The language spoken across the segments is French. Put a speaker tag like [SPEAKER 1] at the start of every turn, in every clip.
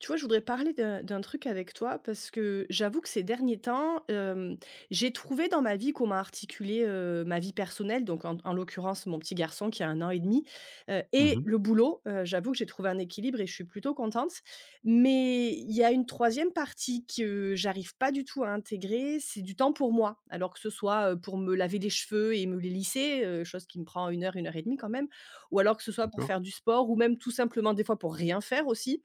[SPEAKER 1] Tu vois, je voudrais parler d'un d'un truc avec toi, parce que j'avoue que ces derniers temps, hem, j'ai trouvé dans ma vie comment articuler, heu, ma vie personnelle, donc en d en l'occurrence, mon petit garçon qui a 1 an et 1/2, heu,
[SPEAKER 2] Mmh
[SPEAKER 1] et
[SPEAKER 2] mh.
[SPEAKER 1] le boulot, heu, j'avoue que j'ai trouvé un équilibre et je suis plutôt contente, mais il y a une 3e partie que j'arrive pas du tout à intégrer, c'est du temps pour moi. Alors que ce soit, heu, pour me laver les cheveux et me les lisser. Heu, chose qui me prend 1 heure, 1 heure et 1/2, quand même, ou alors que ce soit pour
[SPEAKER 2] D'accord.
[SPEAKER 1] faire du sport ou même tout simplement des fois pour rien faire, aussi.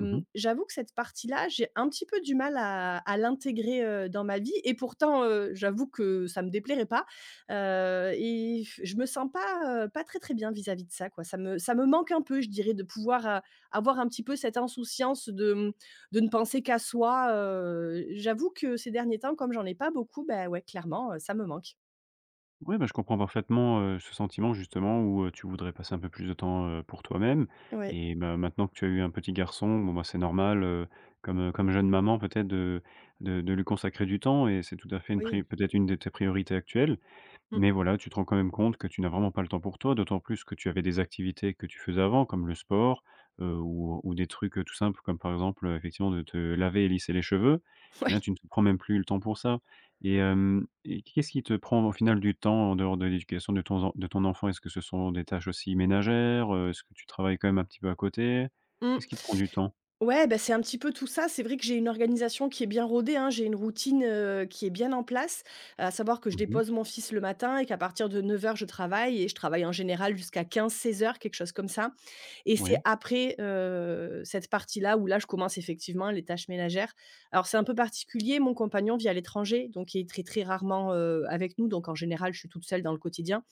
[SPEAKER 2] Mmh mh.
[SPEAKER 1] j'avoue que cette partie là, j'ai un petit peu du mal à à l'intégrer, heu, dans ma vie et pourtant, heu, j'avoue que ça me déplairait pas, heu, et je me sens pas, heu, pas très, très bien vis-à-vis de ça, quoi. Ça me ça me manque un peu je dirais de pouvoir a avoir un petit peu cette insouciance de, mmh, de ne penser qu'à soi, heu, j'avoue que ces derniers temps comme j'en ai pas beaucoup, bah, ouais clairement, heu, ça me manque.
[SPEAKER 2] Ouais, bah, je comprends parfaitement, heu, ce sentiment justement, où, heu, tu voudrais passer un peu plus de temps, heu, pour toi-même.
[SPEAKER 1] Ouais.
[SPEAKER 2] Eh bah, maintenant que tu as eu un petit garçon, bon, ben, c'est normal, heu, comme comme jeune maman peut-être de de de lui consacrer du temps, et c'est tout à fait une
[SPEAKER 1] Oui.
[SPEAKER 2] pri peut-être une de tes priorités actuelles,
[SPEAKER 1] Mmh.
[SPEAKER 2] mais voilà, tu te rends quand même compte que tu n'as vraiment pas le temps pour toi, d'autant plus que tu avais des activités que tu faisais avant, comme le sport, heu, ou ou des trucs tout simples, comme par exemple, heu, effectivement de te laver et lisser les cheveux, mais là,
[SPEAKER 1] Ouais.
[SPEAKER 2] tu ne te prends même plus le temps pour ça, et hem, et qu'est-ce qui te prend au final du temps en dehors de l'éducation de ton zen de ton enfant? Est-ce que ce sont des tâches aussi ménagères, heu? Est-ce que tu travailles, quand même, un petit peu à côté?
[SPEAKER 1] Mmh.
[SPEAKER 2] Qu'est-ce qui te prend du temps?
[SPEAKER 1] Ouais, beh, c'est un petit peu tout ça, c'est vrai que j'ai une organisation qui est bien rodée, hein, j'ai une routine, heu, qui est bien en place, à savoir que je
[SPEAKER 2] Mmh mh.
[SPEAKER 1] dépose mon fils le matin et qu'à partir de 09:00 je travaille et je travaille en général jusqu'à 15:00-16:00 quelque chose comme ça, et c'est
[SPEAKER 2] Ouais.
[SPEAKER 1] après, heu, cette partie-là où là, je commence effectivement les tâches ménagères. Alors, c'est un peu particulier, mon compagnon vit à l'étranger donc il est très, très, rarement, heu, avec nous, donc en général, je suis toute seule dans le quotidien,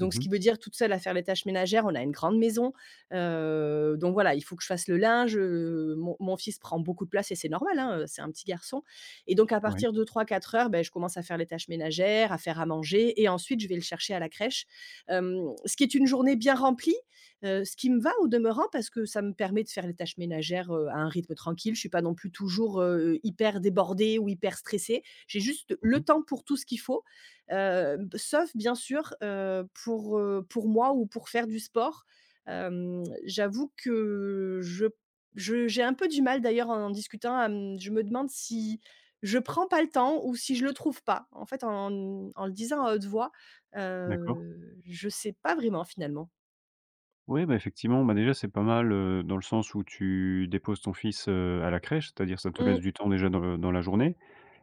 [SPEAKER 2] Mmh
[SPEAKER 1] ce qui
[SPEAKER 2] mh.
[SPEAKER 1] veut dire toute seule à faire les tâches ménagères, on a une grande maison, heu, donc voilà. Il faut que je fasse le linge, heu, mon mon fils prend beaucoup de place et c'est normal, hein, heu, c'est un petit garçon et donc à
[SPEAKER 2] Oui.
[SPEAKER 1] partir de 3:00-4:00, bah, je commence à faire les tâches ménagères, à faire à manger et ensuite je vais le chercher à la crèche. Hem, ce qui est une journée bien remplie, heu, ce qui me va au demeurant parce que ça me permet de faire les tâches ménagères, heu, à un rythme tranquille, je suis pas non plus toujours, heu, hyper débordée ou hyper stressée, j'ai juste
[SPEAKER 2] Mmh
[SPEAKER 1] le
[SPEAKER 2] mh.
[SPEAKER 1] temps pour tout ce qu'il faut. Hem, b sauf bien sûr, heu, pour, heu, pour moi ou pour faire du sport. Hem, j'avoue que je p je j'ai un peu du mal d'ailleurs en en discutant à m je me demande si je prends pas le temps ou si je le trouve pas en fait, en n en le disant à haute voix,
[SPEAKER 2] D'accord.
[SPEAKER 1] heu, je sais pas vraiment, finalement.
[SPEAKER 2] Ouais, beh, effectivement, bah déjà, c'est pas mal, heu, dans le sens où tu déposes ton fils, heu, à la crèche. C'est-à-dire ça te laisse
[SPEAKER 1] Mmh.
[SPEAKER 2] du temps déjà dans, heu, dans la journée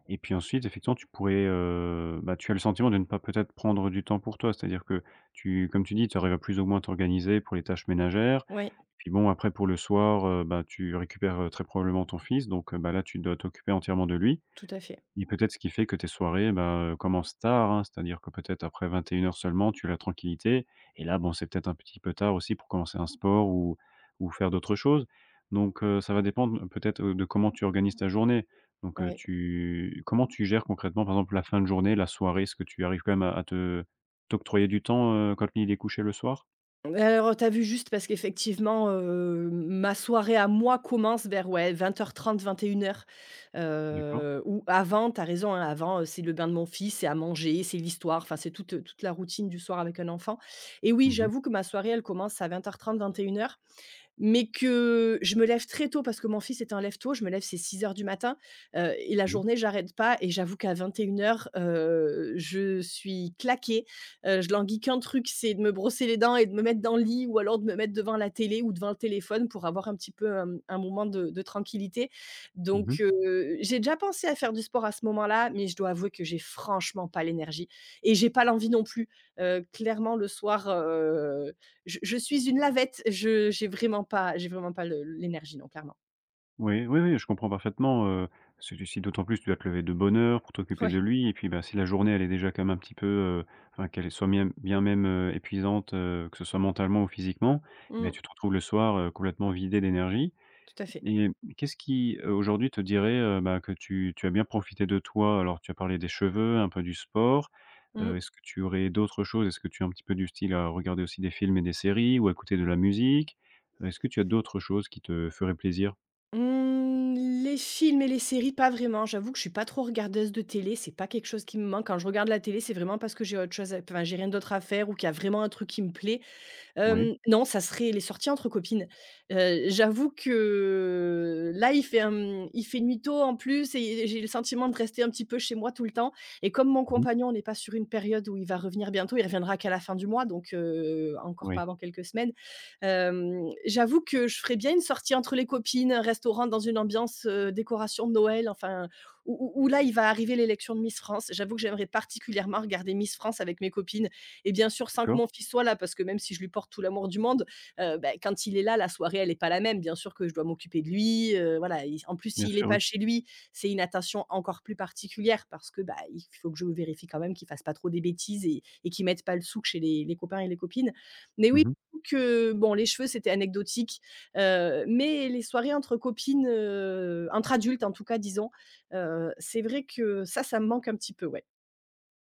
[SPEAKER 2] et puis, ensuite, effectivement, tu pourrais, heu, bah, tu as le sentiment de ne pas peut-être prendre du temps pour toi. C'est-à-dire que tu comme tu dis, tu arrives à plus ou moins à t'organiser pour les tâches ménagères.
[SPEAKER 1] Oui.
[SPEAKER 2] Puis, bon, après, pour le soir, heu, bah, tu récupères, heu, très probablement ton fils. Donc, heu, bah là, tu dois t'occuper entièrement de lui
[SPEAKER 1] Tout à fait.
[SPEAKER 2] et peut-être ce qui fait que tes soirées, ben, heu, commencent tard, hein. C'est-à-dire que peut-être après 21:00 seulement, tu as la tranquillité et là, bon, c'est peut-être un petit peu tard aussi pour commencer un sport, ou ou faire d'autres choses. Donc, heu, ça va dépendre, heu, peut-être, heu, de comment tu organises ta journée. Donc, heu,
[SPEAKER 1] Ouais.
[SPEAKER 2] tu comment tu gères concrètement, par exemple, la fin de journée, la soirée? Est-ce que tu arrives quand même à à te t'octroyer du temps, heu, quand il est couché le soir?
[SPEAKER 1] Bah, alors, heu, tu as vu juste parce qu'effectivement, hem, ma soirée à moi commence vers, ouais, 20:30-21:00,
[SPEAKER 2] D'accord.
[SPEAKER 1] heu, ou avant, tu as raison, hein. Avant, heu, c'est le bain de mon fils, c'est à manger, c'est l'histoire, enfin, c'est toute, heu, toute la routine du soir avec un enfant et oui,
[SPEAKER 2] Mmh mh.
[SPEAKER 1] j'avoue que ma soirée, elle commence à 20:30-21:00, mais que je me lève très tôt parce que mon fils est un lève-tôt. Je me lève, c'est 6:00 du matin, heu et la
[SPEAKER 2] Oui.
[SPEAKER 1] journée, j'arrête pas et j'avoue qu'à 21:00, heu, je suis claquée, heu, je languis qu'un truc, c'est de me brosser les dents et de me mettre dans le lit ou alors de me mettre devant la télé ou devant le téléphone pour avoir un petit peu, hem, un moment de de tranquillité.
[SPEAKER 2] Mmh
[SPEAKER 1] Donc,
[SPEAKER 2] mh.
[SPEAKER 1] heu, j'ai déjà pensé à faire du sport à ce moment-là, mais je dois avouer que j'ai franchement pas l'énergie et j'ai pas l'envie non plus, heu, clairement, le soir, heu, je je suis une lavette. Je j'ai vraiment pas j'ai vraiment pas le l'énergie, non, clairement.
[SPEAKER 2] Oui, oui, oui, je comprends parfaitement, heu, parce que tu si d'autant plus tu dois te lever de bonne heure pour t'occuper
[SPEAKER 1] Ouais.
[SPEAKER 2] de lui et puis, bah, si la journée elle est déjà quand même un petit peu, heu, enfin qu'elle soit mien bien même, heu, épuisante, heu, que ce soit mentalement ou physiquement et ben,
[SPEAKER 1] Mmh.
[SPEAKER 2] tu te retrouves le soir, heu, complètement vidée d'énergie
[SPEAKER 1] Tout à fait.
[SPEAKER 2] et hem, qu'est-ce qui, heu, aujourd'hui te dirait, heu, ben, que tu tu as bien profité de toi? Alors, tu as parlé des cheveux, un peu du sport, heu,
[SPEAKER 1] Mmh.
[SPEAKER 2] est-ce que tu aurais d'autres choses? Est-ce que tu es un petit peu du style à regarder aussi des films et des séries ou à écouter de la musique? Heu, est-ce que tu as d'autres choses qui te feraient plaisir?
[SPEAKER 1] Mmh, les films et les séries, pas vraiment. J'avoue que je suis pas trop regardeuse de télé. C'est pas quelque chose qui me manque. Quand je regarde la télé, c'est vraiment parce que j'ai autre chose à p enfin, j'ai rien d'autre à faire ou qu'il y a vraiment un truc qui me plaît,
[SPEAKER 2] Oui.
[SPEAKER 1] hem, non, ça serait les sorties entre copines, heu, j'avoue que, là, il fait un, mmh, il fait nuit tôt, en plus et j'ai le sentiment de rester un petit peu chez moi tout le temps et comme mon
[SPEAKER 2] Mmh mh.
[SPEAKER 1] compagnon n'est pas sur une période où il va revenir bientôt, il reviendra qu'à la fin du mois, donc, heu, encore pas
[SPEAKER 2] Oui.
[SPEAKER 1] avant quelques semaines, hem, j'avoue que je ferais bien une sortie entre les copines, restaurant dans une ambiance, heu, décoration de Noël, enfin, ou ou ou là, il va arriver l'élection de Miss France. J'avoue que j'aimerais particulièrement regarder Miss France avec mes copines et bien sûr, sans que mon
[SPEAKER 2] D'accord.
[SPEAKER 1] fils soit là parce que même si je lui porte tout l'amour du monde, heu, bah, quand il est là, la soirée elle est pas la même. Bien sûr que je dois m'occuper de lui, heu, voilà, il s en plus,
[SPEAKER 2] Bien
[SPEAKER 1] s'il est
[SPEAKER 2] sûr, oui.
[SPEAKER 1] pas chez lui, c'est une attention encore plus particulière parce que, bah, il faut que je vérifie quand même qu'il fasse pas trop des bêtises et et qu'il mette pas le souk chez les les copains et les copines. Mais, oui,
[SPEAKER 2] Mmh mh.
[SPEAKER 1] j'avoue que, bon, les cheveux c'était anecdotique, heu, mais les soirées entre copines, heu, entre adultes, en tout cas, disons, heu, c'est vrai que ça, ça me manque un petit peu, ouais.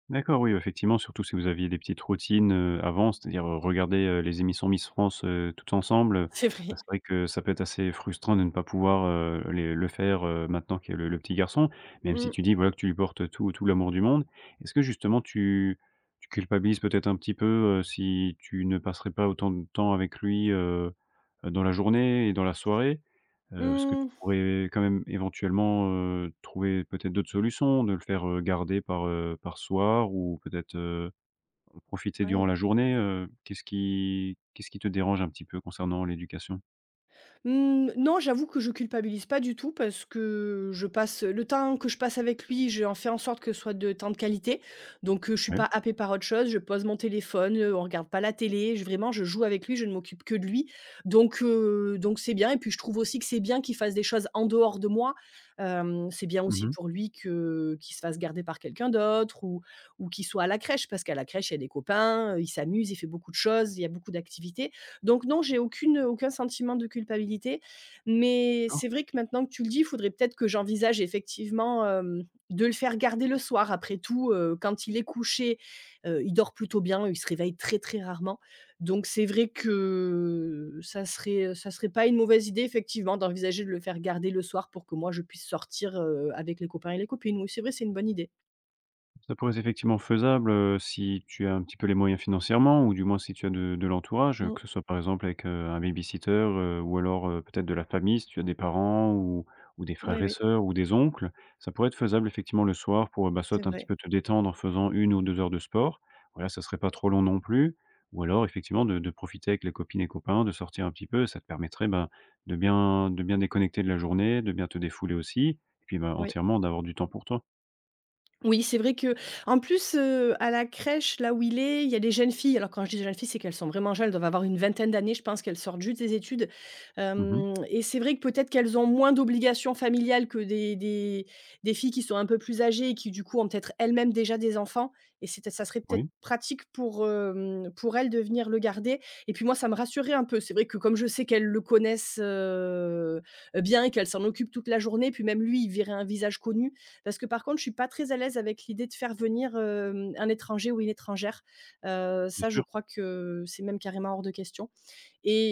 [SPEAKER 2] D'accord. Oui, bah, effectivement, surtout si vous aviez des petites routines, heu, avant. C'est-à-dire, heu, regarder, heu, les émissions Miss France, heu, toutes ensemble, heu,
[SPEAKER 1] C'est
[SPEAKER 2] ben,
[SPEAKER 1] vrai.
[SPEAKER 2] c'est vrai que ça peut être assez frustrant de ne pas pouvoir, heu, les le faire, heu, maintenant qu'il y a le le petit garçon. Même si
[SPEAKER 1] Mmh.
[SPEAKER 2] tu dis, voilà, que tu lui portes, heu, tout tout l'amour du monde. Est-ce que justement tu tu culpabilises peut-être un petit peu, heu, si tu ne passerais pas autant de temps avec lui, heu heu, dans la journée et dans la soirée? Heu, est-ce que tu
[SPEAKER 1] Mmh.
[SPEAKER 2] pourrais quand même, éventuellement, heu, trouver peut-être d'autres solutions? De le faire, heu, garder par, heu, par soir ou peut-être, heu, profiter durant
[SPEAKER 1] Ouais.
[SPEAKER 2] la journée, heu, qu'est-ce qui qu'est-ce qui te dérange un petit peu concernant l'éducation?
[SPEAKER 1] Mmh, non, j'avoue que je culpabilise pas du tout. Parce que je passe, heu, le temps que je passe avec lui, j'en fais en sorte que ce soit de temps de qualité. Donc, heu, je suis
[SPEAKER 2] Ouais.
[SPEAKER 1] pas happée par autre chose. Je pose mon téléphone, heu, on regarde pas la télé, j vraiment je joue avec lui, je ne m'occupe que de lui. Donc, heu, donc c'est bien et puis, je trouve aussi que c'est bien qu'il fasse des choses en dehors de moi, hem, c'est bien
[SPEAKER 2] Mmh
[SPEAKER 1] aussi
[SPEAKER 2] mh.
[SPEAKER 1] pour lui que qu'il se fasse garder par quelqu'un d'autre ou ou qu'il soit à la crèche. Parce qu'à la crèche, il y a des copains, heu, il s'amuse, il fait beaucoup de choses, il y a beaucoup d'activités. Donc, non, j'ai aucune, heu, aucun sentiment de culpabilité. Mais,
[SPEAKER 2] D'accord.
[SPEAKER 1] c'est vrai que, maintenant que tu le dis, faudrait peut-être que j'envisage, effectivement, hem, de le faire garder le soir. Après tout, heu, quand il est couché, heu, il dort plutôt bien. Il se réveille très, très rarement. Donc, c'est vrai que ça serait, heu, ça serait pas une mauvaise idée, effectivement, d'envisager de le faire garder le soir pour que moi je puisse sortir, heu, avec les copains et les copines. Oui, c'est vrai, c'est une bonne idée.
[SPEAKER 2] Ça pourrait c'est effectivement, faisable, heu, si tu as un petit peu les moyens financièrement ou du moins, si tu as de de l'entourage, heu,
[SPEAKER 1] Mmh.
[SPEAKER 2] que ce soit, par exemple, avec, heu, un babysitter, heu, ou alors, heu, peut-être de la famille, si tu as des parents ou ou des
[SPEAKER 1] Oui,
[SPEAKER 2] frères et
[SPEAKER 1] oui.
[SPEAKER 2] sœurs ou des oncles. Ça pourrait être faisable effectivement, le soir pour, ben,
[SPEAKER 1] C'est
[SPEAKER 2] soit un petit
[SPEAKER 1] vrai.
[SPEAKER 2] peu te détendre en faisant 1 ou 2 heures de sport. Voilà, ça serait pas trop long non plus. Ou alors, effectivement, de de profiter avec les copines et copains, de sortir un petit peu, ça te permettrait, ben, de bien de bien déconnecter de la journée, de bien te défouler aussi et puis, ben,
[SPEAKER 1] Oui.
[SPEAKER 2] entièrement d'avoir du temps pour toi.
[SPEAKER 1] Oui, c'est vrai qu'en plus, heu, à la crèche, là où il est, il y a des jeunes filles. Alors quand je dis des jeunes filles, c'est qu'elles sont vraiment jeunes. Elles doivent avoir une vingtaine d'années. Je pense qu'elles sortent juste des études,
[SPEAKER 2] Mmh mh.
[SPEAKER 1] hem et c'est vrai que, peut-être, qu'elles ont moins d'obligations familiales que des des des filles qui sont un peu plus âgées et qui, du coup, ont peut-être elles-mêmes déjà des enfants et c'était ça serait peut-être
[SPEAKER 2] Oui.
[SPEAKER 1] pratique pour, hem, pour elles de venir le garder et puis, moi, ça me rassurait un peu. C'est vrai que, comme je sais qu'elles le connaissent, heu heu, bien et qu'elles s'en occupent toute la journée, puis, même lui, il verrait un visage connu. Parce que, par contre, je suis pas très à l'aise avec l'idée de faire venir, hem, un étranger ou une étrangère, heu,
[SPEAKER 2] C'est
[SPEAKER 1] ça je
[SPEAKER 2] sûr.
[SPEAKER 1] crois que, c'est même carrément hors de question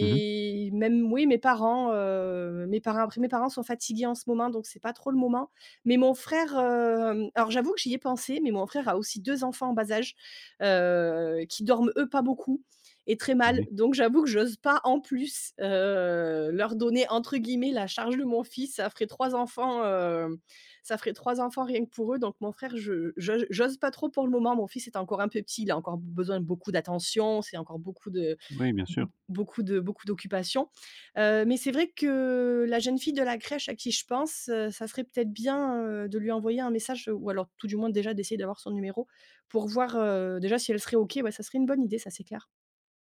[SPEAKER 2] Mmh mh.
[SPEAKER 1] même, oui, mes parents, heu, mes parents. Après, mes parents sont fatigués, en ce moment. Donc, c'est pas trop le moment mais mon frère, hem, alors, j'avoue que j'y ai pensé mais mon frère a aussi 2 enfants en bas âge, heu, qui dorment, eux, pas beaucoup et très mal.
[SPEAKER 2] Oui.
[SPEAKER 1] Donc, j'avoue que j'ose pas, en plus, heu, leur donner entre guillemets «la charge de mon fils». Ça ferait 3 enfants, hem, ça ferait 3 enfants, rien que pour eux. Donc, mon frère, je j'o j'ose pas trop, pour le moment. Mon fils est encore un peu petit. Il a encore b besoin de beaucoup d'attention. C'est encore beaucoup de
[SPEAKER 2] Oui. Bien
[SPEAKER 1] b b
[SPEAKER 2] sûr.
[SPEAKER 1] beaucoup de beaucoup d'occupation, heu, mais c'est vrai que la jeune fille de la crèche à qui je pense, heu, ça serait peut-être bien, heu, de lui envoyer un message ou alors, tout du moins, déjà d'essayer d'avoir son numéro pour voir, heu, déjà, si elle serait OK. Ouais, ça serait une bonne idée, ça c'est clair.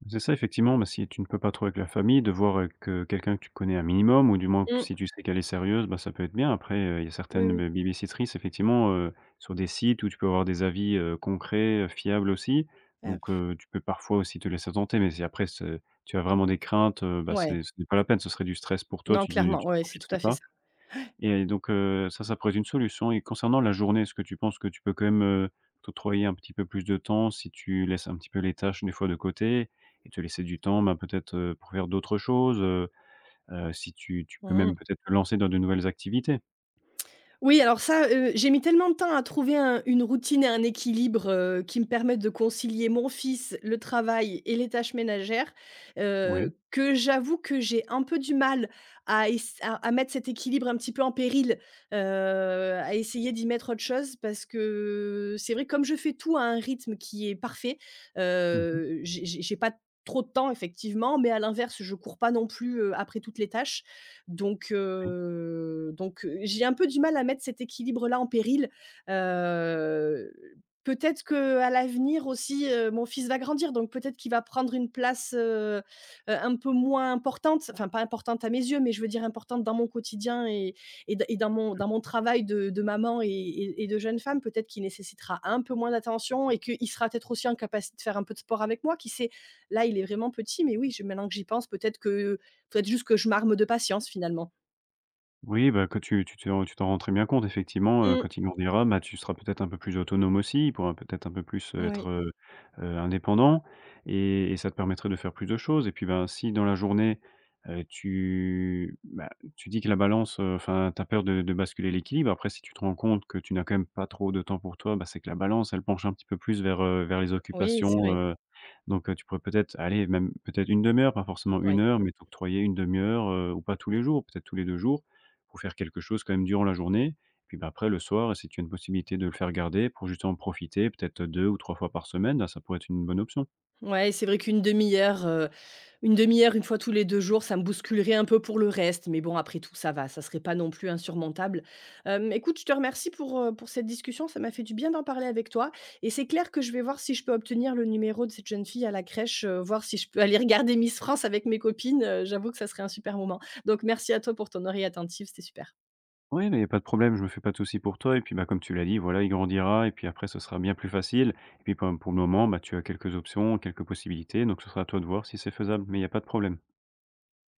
[SPEAKER 2] C'est ça, effectivement. Mais, si tu ne peux pas trop avec la famille, de voir, heu, que quelqu'un que tu connais un minimum ou du moins q si
[SPEAKER 1] Mmh.
[SPEAKER 2] tu sais, qu'elle est sérieuse, ben, ça peut être bien. Après, heu, il y a
[SPEAKER 1] Oui,
[SPEAKER 2] certaines be
[SPEAKER 1] oui.
[SPEAKER 2] babysittrice, effectivement, heu, sur des sites où tu peux avoir des avis, heu, concrets, heu, fiables, aussi.
[SPEAKER 1] Ah
[SPEAKER 2] Donc,
[SPEAKER 1] pfff.
[SPEAKER 2] heu, tu peux parfois aussi te laisser tenter. Mais si après ce tu as vraiment des craintes, heu, bah,
[SPEAKER 1] Ouais.
[SPEAKER 2] c'est ce n'est pas la peine. Ce serait du stress pour toi,
[SPEAKER 1] Non,
[SPEAKER 2] tu ne
[SPEAKER 1] clairement.
[SPEAKER 2] tu ne
[SPEAKER 1] Ouais, c'est tout
[SPEAKER 2] profiterais
[SPEAKER 1] à fait ça.
[SPEAKER 2] pas
[SPEAKER 1] Ouais.
[SPEAKER 2] et donc, heu, ça, ça pourrait être une solution et concernant la journée, est-ce que tu penses que tu peux quand même, heu, t'octroyer un petit peu plus de temps, si tu laisses un petit peu les tâches des fois de côté et te laisser du temps, ben, peut-être, heu, pour faire d'autres choses, heu heu, si tu tu peux
[SPEAKER 1] Mmh
[SPEAKER 2] même
[SPEAKER 1] mh.
[SPEAKER 2] peut-être te lancer dans de nouvelles activités?
[SPEAKER 1] Oui, alors, ça, heu, j'ai mis tellement de temps à trouver un une routine et un équilibre, heu, qui me permettent de concilier mon fils, le travail et les tâches ménagères,
[SPEAKER 2] Oui.
[SPEAKER 1] heu, que j'avoue que j'ai un peu du mal à ess à mettre cet équilibre, un petit peu, en péril, heu, à essayer d'y mettre autre chose parce que, c'est vrai, comme je fais tout à un rythme qui est parfait,
[SPEAKER 2] Mmh mh.
[SPEAKER 1] heu, j'ai j'ai j'ai pas d trop de temps, effectivement, mais à l'inverse, je cours pas non plus, heu, après toutes les tâches donc
[SPEAKER 2] Oui.
[SPEAKER 1] heu, donc j'ai un peu du mal à mettre cet équilibre-là en péril heu, peut-être qu'à l'avenir aussi, heu, mon fils va grandir donc peut-être qu'il va prendre une place, heu heu, un peu moins importante enfin pas importante à mes yeux, mais je veux dire importante dans mon quotidien et et dans et dans mon
[SPEAKER 2] Mmh.
[SPEAKER 1] dans mon travail de de maman et et et de jeune femme. Peut-être qu'il nécessitera un peu moins d'attention et qu'il sera, peut-être, aussi, en capacité de faire un peu de sport avec moi. Qui sait? Là, il est vraiment petit mais oui, j'ai maintenant que j'y pense, peut-être qu'il faudrait juste que je m'arme de patience, finalement.
[SPEAKER 2] Oui, ben que tu tu te tu t'en rends très bien compte, effectivement, heu,
[SPEAKER 1] Mmh.
[SPEAKER 2] quand il grandira, heu, bah, tu seras un peu plus autonome aussi. Il pourra peut-être un peu plus, heu, être,
[SPEAKER 1] Oui.
[SPEAKER 2] heu heu, indépendant et et ça te permettrait de faire plus de choses. Et puis, ben, si dans la journée, heu, tu, bah, tu dis que la balance, heu, enfin, tu as peur de de basculer l'équilibre, après si tu te rends compte que tu n'as quand même pas trop de temps pour toi, bah, c'est que la balance, elle penche un petit peu plus vers, heu, vers les
[SPEAKER 1] Oui, c'est
[SPEAKER 2] occupations,
[SPEAKER 1] vrai.
[SPEAKER 2] heu. Donc heu, tu pourrais peut-être aller même, peut-être, une 1/2 heure, pas forcément
[SPEAKER 1] Ouais.
[SPEAKER 2] 1 heure, mais t'octroyer 1/2 heure, heu, ou pas tous les jours, peut-être tous les 2 jours, pour faire quelque chose, quand même, durant la journée. Puis, bah, après le soir, si tu as une possibilité de le faire garder pour justement profiter, peut-être, 2 ou 3 fois par semaine, là, ça pourrait être une bonne option.
[SPEAKER 1] Ouais, c'est vrai qu'1/2 heure heu, 1/2 heure, une fois tous les 2 jours, ça me bousculerait un peu pour le reste, mais bon, après tout, ça va, ça serait pas non plus insurmontable. Hem, écoute je te remercie pour, heu, pour cette discussion, ça m'a fait du bien d'en parler avec toi et c'est clair que je vais voir si je peux obtenir le numéro de cette jeune fille à la crèche, heu, voir si je peux aller regarder Miss France avec mes copines. Heu, j'avoue que ça serait un super moment. Donc merci à toi pour ton oreille attentive, c'était super.
[SPEAKER 2] Oui, mais il y a pas de problème, je me fais pas de souci pour toi et puis, bah, comme tu l'as dit, voilà, il grandira et puis après, ce sera bien plus facile. Et puis, quand même, pour le moment, bah, tu as quelques options, quelques possibilités, donc ce sera à toi de voir si c'est faisable, mais il y a pas de problème.